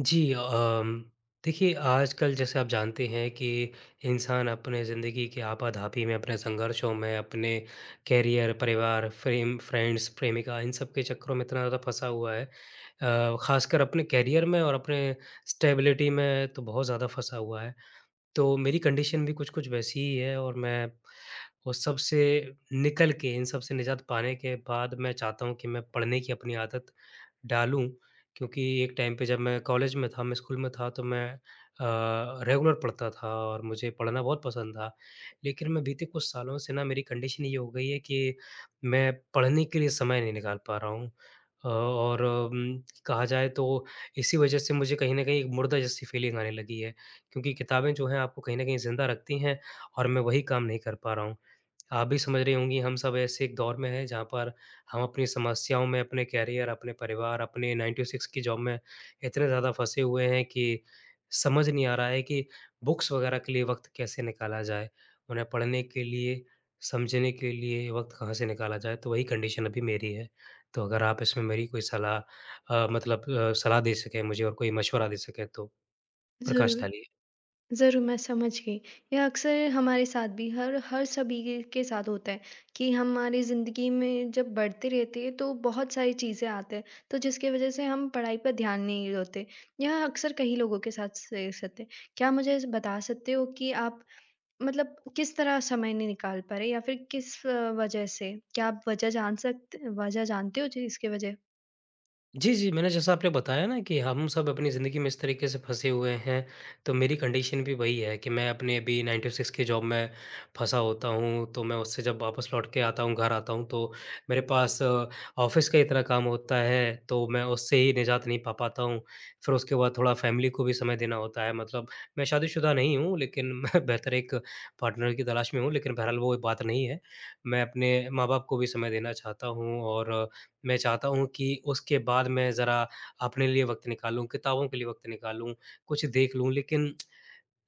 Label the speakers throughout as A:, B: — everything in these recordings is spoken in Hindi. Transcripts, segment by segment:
A: जी अ, अम देखिए आजकल जैसे आप जानते हैं कि इंसान अपने ज़िंदगी की आपाधापी में, अपने संघर्षों में, अपने कैरियर, परिवार, फ्रेम फ्रेंड्स, प्रेमिका इन सब के चक्करों में इतना ज़्यादा फँसा हुआ है अ, ख़ासकर अपने कैरियर में और अपने स्टेबिलिटी में तो बहुत ज़्यादा फँसा हुआ है। तो मेरी कंडीशन भी कुछ-कुछ वैसी ही है और मैं उस सब से निकल के, इन सब से निज़ात पाने के बाद मैं चाहता हूँ कि मैं पढ़ने की अपनी आदत डालूँ। क्योंकि एक टाइम पे जब मैं कॉलेज में था, मैं स्कूल में था तो मैं अ, रेगुलर पढ़ता था और मुझे पढ़ना बहुत पसंद था। लेकिन मैं बीते कुछ सालों से न मेरी कंडीशन ये हो गई है कि मैं पढ़ने के लिए समय नहीं निकाल पा रहा हूँ। अ, और उम, कहा जाए तो इसी वज़ह से मुझे कहीं न कहीं एक मुर्दा जैसी फ़ीलिंग आने लगी है। क्योंकि किताबें जो हैं आपको कहीं न कहीं ज़िंदा रखती हैं और मैं वही काम नहीं कर पा रहा हूँ। आप भी समझ रही होंगी हम सब ऐसे एक दौर में हैं जहाँ पर हम अपनी समस्याओं में अपने कैरियर, अपने परिवार, अपने 9 टू 6 की जॉब में इतने ज़्यादा फँसे हुए हैं कि समझ नहीं आ रहा है कि बुक्स वग़ैरह के लिए वक़्त कैसे निकाला जाए? उन्हें पढ़ने के लिए समझने के लिए वक़्त कहाँ से निकाला जाए? तो वही कंडीशन अभी मेरी है। तो अगर आप इसमें मेरी कोई सलाह अ, मतलब अ, सलाह दे सकें मुझे और कोई मशवरा दे सकें तो प्रकाश
B: ज़रूर।
A: डालिए।
B: ज़रूर मैं समझ गई। ये अक्सर हमारे साथ भी हर हर सभी के साथ होता है कि हमारी ज़िंदगी में जब बढ़ते रहते हैं तो बहुत सारी चीज़ें आते हैं। तो जिसके वज़ह से हम पढ़ाई पर ध्यान नहीं होते। यह अक्सर कई लोगों के साथ से सकते हैं। क्या मुझे ज बता सकते हो कि आप मतलब किस तरह समय नहीं निकाल पा रहे या फिर किस वज़ह से? क्या आप वज़ह जान सकते वज़ह जानते हो? जी इसकी वज़ह?
A: जी, जी। मैंने जैसा आपने बताया ना कि हम सब अपनी ज़िंदगी में इस तरीक़े से फँसे हुए हैं तो मेरी कंडीशन भी वही है कि मैं अपने अभी 9 टू 6 की जॉब में फँसा होता हूँ। तो मैं उससे जब वापस लौट के आता हूँ घर आता हूँ। तो मेरे पास ऑफ़िस का इतना काम होता है तो मैं उससे ही निजात नहीं पा पाता हूँ। फिर उसके बाद थोड़ा फैमिली को भी समय देना होता है। मतलब मैं शादी-शुदा नहीं हूँ लेकिन मैं बेहतर एक पार्टनर की तलाश में हूँ, लेकिन बहरहाल वो बात नहीं है। मैं अपने माँ-बाप को भी समय देना चाहता हूँ। और मैं चाहता हूँ कि उसके बाद मैं ज़रा अपने लिए वक़्त निकालूँ, किताबों के लिए वक़्त निकालूँ, कुछ देख लूँ। लेकिन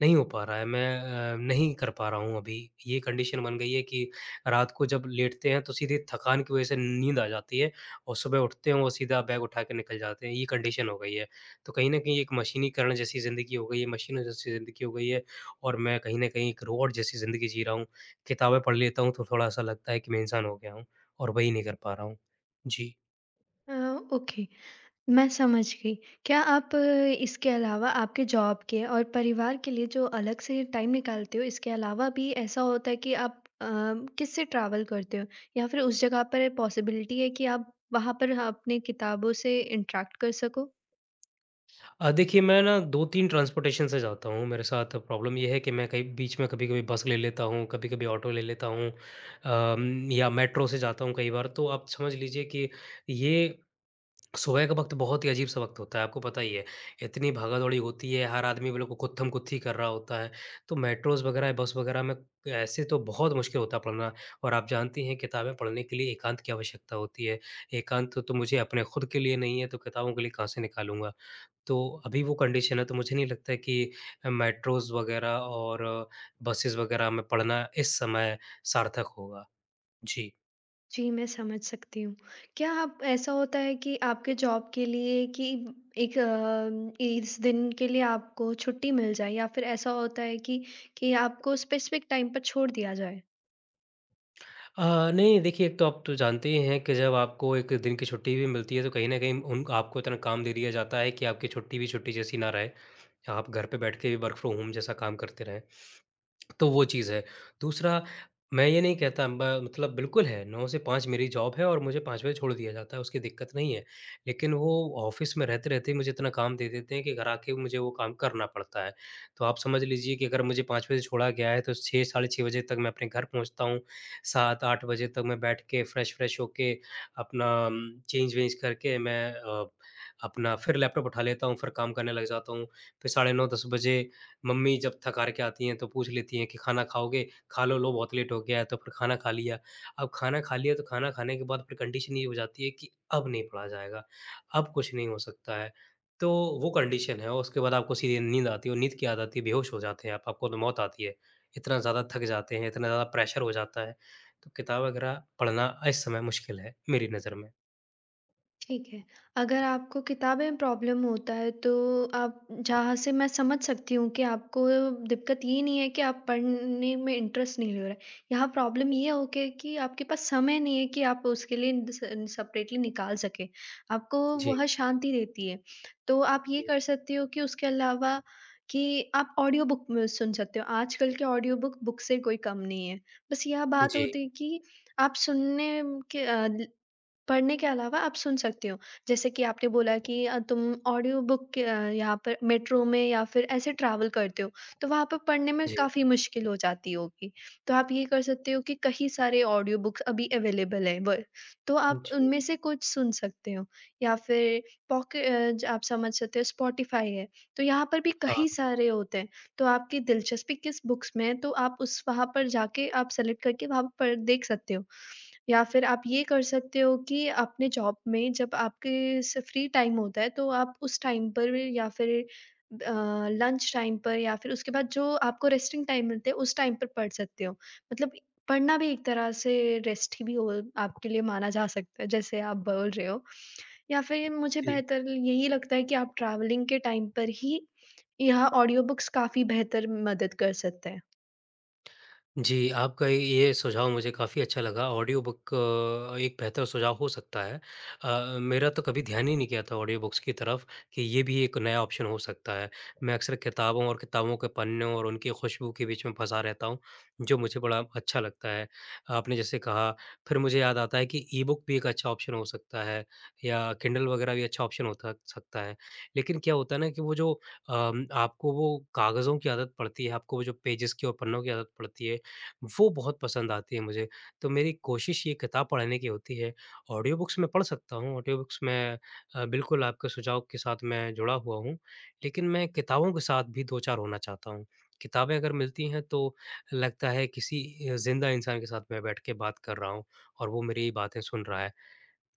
A: नहीं हो पा रहा है। मैं अ, नहीं कर पा रहा हूँ अभी। ये कंडीशन बन गई है कि रात को जब लेटते हैं तो सीधे थकान की वज़ह से नींद आ जाती है। और सुबह उठते हैं और सीधा बैग उठा के निकल जाते हैं ये कंडीशन हो गई है। तो कहीं न कहीं एक मशीनीकरण जैसी ज़िंदगी हो गई है, मशीनों जैसी ज़िंदगी हो गई है। और मैं कहीं न कहीं एक रोबॉट जैसी ज़िंदगी जी रहा हूँ। किताबें पढ़ लेता हूँ तो थोड़ा-सा लगता है कि मैं इंसान हो गया हूँ। और वही नहीं कर पा रहा हूँ। जी।
B: अ, ओके। मैं समझ गयी। क्या आप इसके अलावा आपके जॉब के और परिवार के लिए जो अलग से टाइम निकालते हो इसके अलावा भी ऐसा होता है कि आप अ, किससे ट्रैवल करते हो? या फिर उस जगह पर पॉसिबिलिटी है कि आप वहाँ पर ह अपनी किताबों से इंटरैक्ट कर सको?
A: अ, देखिए मैं ना 2-3 ट्रांसपोर्टेशन से जाता हूँ। मेरे साथ प्रॉब्लम ये है कि मैं कहीं बीच में कभी-कभी बस ले लेता हूँ। कभी-कभी ऑटो ले लेता हूँ। अ, म या मेट्रो से जाता हूँ कई बार। तो आप समझ लीजिए कि ये सुबह का वक़्त बहुत ही अजीब-सा वक़्त होता है, आपको पता ही है। इतनी भागा-दौड़ी होती है, हर आदमी को गुत्थम-गुत्थी कर रहा होता है। तो मेट्रोज़ वग़ैरह, बस वग़ैरह में ऐसे तो बहुत मुश्किल होता है पढ़ना। और आप जानती हैं किताबें पढ़ने के लिए एकांत की आवश्यकता होती है। एकांत तो मुझे अपने खुद के लिए नहीं है तो किताबों के लिए कहाँ से निकालूँगा। तो अभी वो कंडीशन है तो मुझे नहीं लगता है कि मेट्रोस वग़ैरह और बसेस वग़ैरह में पढ़ना इस समय सार्थक होगा। जी।
B: जी, मैं समझ सकती हूँ। क्या आप ऐसा होता है कि आपके जॉब के लिए कि 1 अ इस दिन के लिए आपको छुट्टी मिल जाए या फिर ऐसा होता है कि कि आपको स्पेसिफ़िक टाइम पर छोड़ दिया जाए?
A: अ, नहीं देखिए एक तो आप तो जानते ही हैं कि जब आपको 1 दिन की छुट्टी भी मिलती है तो कहीं न कहीं उन आपको इतना काम दे दिया जाता है कि आपकी छुट्टी भी छुट्टी जैसी ना रहे। आप घर पे बैठ के भी वर्क फ्रॉम होम जैसा काम करते रहें, तो वो चीज़ है। दूसरा मैं ये नहीं कहता ब मतलब बिल्कुल है, 9 से 5 मेरी जॉब है और मुझे 5 बजे छोड़ दिया जाता है उसकी दिक्कत नहीं है, लेकिन वो ऑफ़िस में रहते-रहते ही मुझे इतना काम दे देते हैं कि घर आ के मुझे वो काम करना पड़ता है। तो आप समझ लीजिए कि अगर मुझे 5 बजे छोड़ा गया है तो 6:00-6:30 बजे तक मैं अपने घर पहुँचता हूँ 7:00-8:00 बजे तक मैं बैठ के फ्रेश-व्रेश होके अपना अम चेंज-वेंज करके मैं अ, अपना फिर लैपटॉप उठा लेता हूँ फिर काम करने लग जाता हूँ। फिर 9:30-10:00 बजे मम्मी जब थक-हार के आती हैं तो पूछ लेती हैं कि खाना खाओगे? खालो लो बहुत लेट हो गया है, तो फिर खाना खा लिया। अब खाना खा लिया तो खाना खाने के बाद फिर कंडीशन ये हो जाती है कि अब नहीं पढ़ा जाएगा, अब कुछ नहीं हो सकता है। तो वो कंडीशन है और उसके बाद आपको सीधे नींद आती है, और नींद क्या आ जाती है सीधे बेहोश हो जाते हैं आप, आपको तो मौत आती है। इतना ज़्यादा थक जाते हैं इतना ज़्यादा प्रेशर हो जाता है, तो किताब वगैरह पढ़ना इस समय मुश्किल है, मेरी नज़र में।
B: ठीक है, अगर आपको किताबें में प्रॉब्लम होता है तो आप जहाँ से मैं समझ सकती हूँ कि आपको दिक्कत ये नहीं है कि आप पढ़ने में इंटरेस्ट नहीं ले रहे हैं यहाँ प्रॉब्लम ये हो गया कि आपके पास समय नहीं है कि आप उसके लिए इन द सेन्स सेपरेटली निकाल सकें आपको
A: जी।
B: वह शांति देती है। तो आप ये
A: जी।
B: कर सकते हो कि उसके अलावा कि आप ऑडियो बुक सुन सकते हो आजकल के ऑडियो बुक बुक से कोई कम नहीं है। बस यह बात
A: जी।
B: होती है कि आप सुनने म के आदि पढ़ने के अलावा आप सुन सकते हो जैसे कि आपने बोला कि तुम ऑडियो बुक यहाँ पर मेट्रो में या फिर ऐसे ट्रैवल करते हो तो वहाँ पे पढ़ने में
A: जी।
B: काफ़ी मुश्किल हो जाती होगी तो आप ये कर सकते हो कि कई सारे ऑडियो बुक्स अभी अवेलेबल है व तो आप
A: जी।
B: उनमें से कुछ सुन सकते हो या फिर पॉके अ, ज आप समझ सकते हो स्पॉटिफाई है तो यहाँ पर भी
A: हाँ।
B: कई सारे होते हैं तो आपकी दिलचस्पी किस बुक्स में है तो आप उस वहाँ पर जाके आप सेलेक्ट करके वहाँ पर देख सकते हो। या फिर आप ये कर सकते हो कि अपने जॉब में जब आपके जैसे फ्री टाइम होता है तो आप उस टाइम पर या फिर अ, लंच टाइम पर या फिर उसके बाद जो आपको रेस्टिंग टाइम मिलते है उस टाइम पर पढ़ सकते हो मतलब पढ़ना भी एक तरह से रेस्ट ही भी हुआ आपके लिए माना जा सकता है जैसे आप बोल रहे हो या फिर मुझे
A: जी।
B: बेहतर यही लगता है कि आप ट्रैवलिंग के टाइम पर ही यह ऑडियो बुक्स काफ़ी बेहतर मदद कर सकते हैं।
A: जी, आपका ये सुझाव मुझे काफ़ी अच्छा लगा, ऑडियो बुक अ, एक बेहतर सुझाव हो सकता है। अ, मेरा तो कभी ध्यान ही नहीं गया था ऑडियो बुक्स की तरफ, कि ये भी एक नया ऑप्शन हो सकता है, मैं अक्सर किताबों और किताबों के पन्ने और उनकी खुशबू के बीच में फँसा रहता हूँ, जो मुझे बड़ा अच्छा लगता है। आपने जैसे कहा, फिर मुझे याद आता है कि ई-बुक भी एक अच्छा ऑप्शन हो सकता है या किंडल वग़ैरह भी अच्छा ऑप्शन हो त सकता है, लेकिन क्या होता है ना कि वो जो अम आपको वो कागज़ों की आदत पड़ती है, आपको वो जो पेजेज़ की और पन्नों की आदत पड़ती है, वो बहुत पसंद आती है मुझे, तो मेरी कोशिश ये किताब पढ़ने की होती है, ऑडियो बुक्स मैं पढ़ सकता हूँ, ऑडियो बुक्स मैं अ, बिल्कुल आपके सुझाव के साथ मैं जुड़ा हुआ हूँ, लेकिन मैं किताबों के साथ भी दो-चार होना चाहता हूँ। किताबें अगर मिलती हैं, तो लगता है, किसी अ, ज़िंदा इंसान के साथ मैं बैठ के बात कर रहा हूँ और वो मेरी बातें सुन रहा है।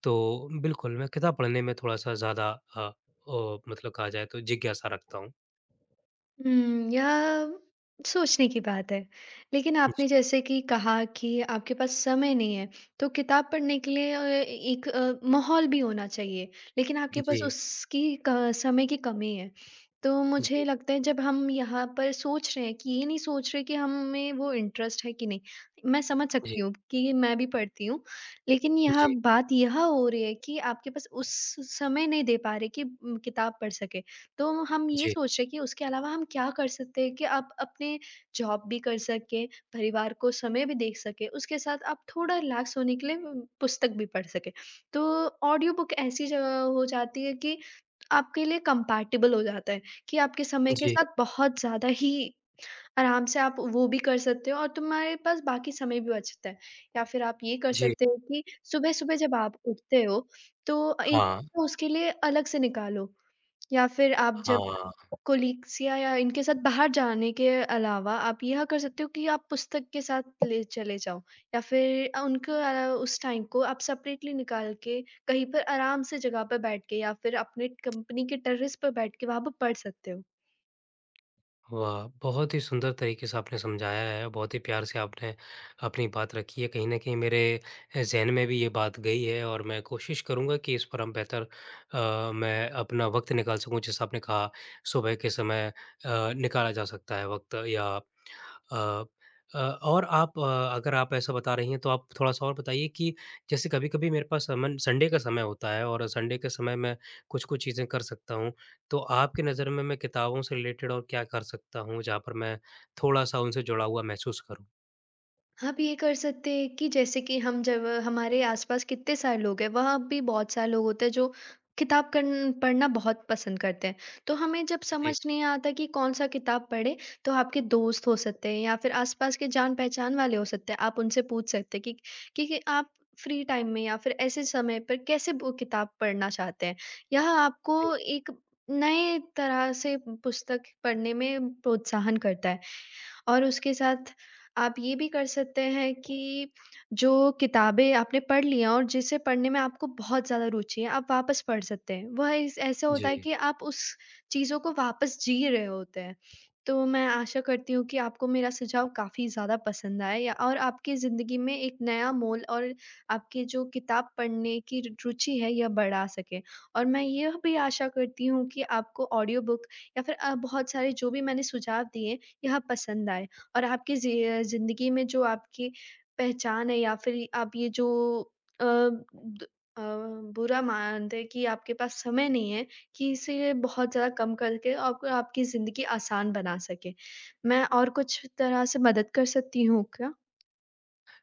A: तो बिल्कुल, मैं किताब पढ़ने में थोड़ा-सा ज़्यादा अ अ, मतलब कहा जाए, तो जिज्ञासा रखता हूँ।
B: हुँ। यह, सोचने की बात है, लेकिन
A: हुँ,
B: आपने
A: जी।
B: जैसे कि कहा कि आपके पास समय नहीं है, तो किताब पढ़ने के लिए अ, एक अ, माहौल भी होना चाहिए। लेकिन
A: उ
B: आपके पास
A: जी।
B: उसकी क समय की कमी है। तो मुझे
A: जी।
B: लगता है, जब हम यहाँ पर सोच रहे हैं कि ये नहीं सोच रहे कि हमें वो इंटरेस्ट है, कि नहीं? मैं समझ
A: जी।
B: सकती हूँ क्योंकि मैं भी पढ़ती हूँ, लेकिन यहाँ
A: जी।
B: बात यह हो रही है कि आपके उस स समय नहीं दे पा रहे कि उम, किताब पढ़ सकें। तो हम ये
A: जी।
B: सोच रहे हैं कि उसके अलावा हम क्या कर सकते हैं कि आप अपने जॉब भी कर सकें, परिवार को समय भी दे सकें, उसके साथ आप थोड़ा रिलैक्स होने के लिए ब पुस्तक भी पढ़ सकें। तो ऑडियो बुक ऐसी जगह हो जाती है कि आपके लिए कम्पैटिबल हो जाता है कि आपके समय के
A: जी।
B: साथ बहुत ज़्यादा ही आराम से आप वो भी कर सकते हो और तुम्हारे पास बाकी समय भी बचता है। या फिर आप ये कर
A: जी।
B: सकते हो कि सुबह-सुबह जब आप उठते हो, तो अ, एक
A: हाँ।
B: उसके लिए अलग से निकालो या फिर आप जब
A: हाँ।
B: कॉलीग्स या या इनके साथ बाहर जाने के अलावा, आप यह कर सकते हो कि आप पुस्तक के साथ तले चले जाओ या फिर अ, उनके वाला, उस टाइम को आप सेपरेटली निकाल के कहीं पर आराम से जगह पे बैठ के या फिर अपने कंपनी के टेरेस पे बैठ के वहाँ पर पढ़ सकते हो।
A: वाह! बहुत ही सुंदर तरीके से आपने समझाया है, बहुत ही प्यार से आपने अपनी बात रखी है। कहीं न कहीं मेरे अ, ज़हन में भी ये बात गई है और मैं कोशिश करूँगा कि इस पर हम बेहतर अ, मैं अपना वक़्त निकाल सकूँ, जैसा आपने कहा, सुबह के समय अ, निकाला जा सकता है वक़्त या प अ अ, और आप अगर आप ऐसा बता रही हैं, तो आप थोड़ा-सा और बताइए कि जैसे कभी-कभी मेरे पास अमूमन संडे का समय होता है और संडे के समय, मैं कुछ-कुछ चीज़ें कर सकता हूँ, तो आपकी नज़र में मैं किताबों से रिलेटेड और क्या कर सकता हूँ, जहाँ पर मैं थोड़ा-सा उनसे जुड़ा हुआ महसूस करूँ?
B: आप ये कर सकते हैं कि जैसे कि हम जब हमारे आस-पास कितने सारे लोग हैं वहाँ भी बहुत सारे लोग होते हैं जो किताब कन्न पढ़ना बहुत पसंद करते हैं। तो हमें जब समझ
A: जी।
B: नहीं आता कि कौन-सा किताब पढ़े, तो आपके दोस्त हो सकते हैं या फिर आसपास के जान-पहचान वाले हो सकते हैं, आप उनसे पूछ सकते हैं कि कि आप फ़्री टाइम में या फिर ऐसे समय पे कैसे वो किताब पढ़ना चाहते हैं? यह
A: अ, जी।
B: आपको एक नए तरह से पुस्तक पढ़ने में प्रोत्साहन करता है। और उसके साथ आप ये भी कर सकते हैं कि, जो किताबें आपने पढ़ ली हैं और जिसे पढ़ने में आपको बहुत ज़्यादा रूचि है आप वापस पढ़ सकते हैं। वह इस ऐसा होता है
A: जी।
B: कि आप उस चीज़ों को वापस जी रहे होते हैं। तो मैं आशा करती हूँ कि आपको मेरा सुझाव काफ़ी ज़्यादा पसंद आए, या और आपकी ज़िन्दगी में एक नया मोल और आपकी जो किताब पढ़ने की रू रूचि है यह बढ़ा सके। और मैं यह भी आशा करती हूँ कि आपको ऑडियो बुक या फिर अ, बहुत सारे जो भी मैंने सुझाव दिए, यह पसंद आए। और आपकी ज़ि अ, ज़िन्दगी में जो आपकी पहचान है या फिर आप ये जो अ द अ, बुरा मानते हैं कि आपके पास समय नहीं है, कि इसीलिए बहुत ज़्यादा कम करके आप आपकी ज़िन्दगी आसान बना सके। मैं और कुछ तरह से मदद कर सकती हूँ क्या?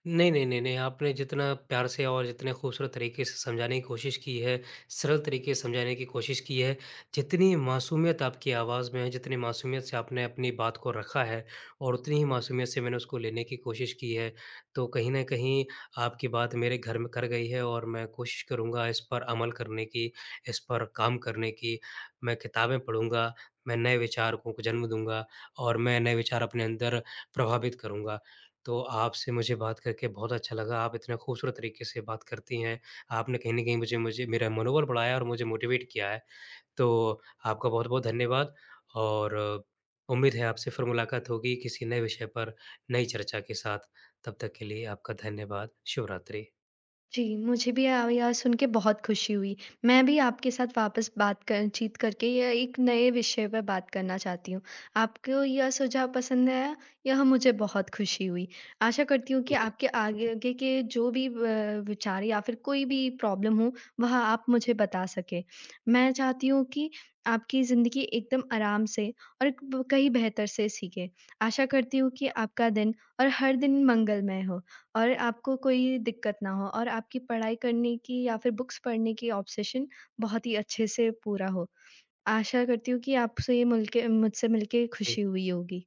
A: नहीं-नहीं, नहीं-नहीं, आपने जितना प्यार से और जितने खूबसूरत तरीक़े से समझाने की कोशिश की है, सरल तरीक़े से समझाने की कोशिश की है, जितनी मासूमियत आपकी आवाज़ में है, जितनी मासूमियत से आपने अपनी बात को रखा है और उतनी ही मासूमियत से मैंने उसको लेने की कोशिश की है। तो कहीं न कहीं आपकी बात मेरे घर म कर गई है और मैं कोशिश करूँगा इस पर अमल करने की, इस पर काम करने की मैं किताबें पढ़ूँगा, मैं नए विचारकों को जन्म दूँगा और मैं नए विचार अपने अंदर प्रभावित करूँगा तो आपसे मुझे बात करके बहुत अच्छा लगा। आप इतने खूबसूरत तरीक़े से बात करती हैं, आपने कहीं न कहीं मुझे मुझे मेरा मनोबल बढ़ाया और मुझे मोटिवेट किया है। तो आपका बहुत-बहुत धन्यवाद और उम्मीद है आपसे फिर मुलाकात होगी किसी नए विषय पर नई चर्चा के साथ तब तक के लिए आपका धन्यवाद। शुभरात्रि।
B: जी, मुझे भी अब यह सुन के बहुत खुशी हुई, मैं भी आपके साथ वापस बात क चीत करके य एक नए विषय पे बात करना चाहती हूँ। आपको यह सुझाव पसंद आया यह मुझे बहुत खुशी हुई। आशा करती हूँ कि
A: जी।
B: आपके आगे के जो भी ब विचार या फिर कोई भी प्रॉब्लम हो, वह आप मुझे बता सके। मैं चाहती हूँ कि आपकी ज़िंदगी एकदम आराम से और कहीं ब बेहतर से सीखें। आशा करती हूँ कि आपका दिन और हर दिन मंगलमय हो और आपको कोई दिक्कत ना हो और आपकी पढ़ाई करने की या फिर बुक्स पढ़ने की ऑब्सेशन बहुत ही अच्छे से पूरा हो। आशा करती हूँ कि आपसे मिलके मुझसे मिलके
A: जी।
B: खुशी हुई होगी।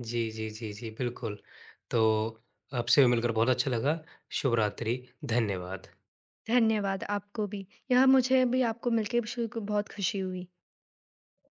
A: जी, जी, जी, जी। बिल्कुल, तो आपसे भी मिलकर बहुत अच्छा लगा शुभरात्रि, धन्यवाद।
B: धन्यवाद आपको भी। यह मुझे भी आपको मिलके शु को बहुत खुशी हुई।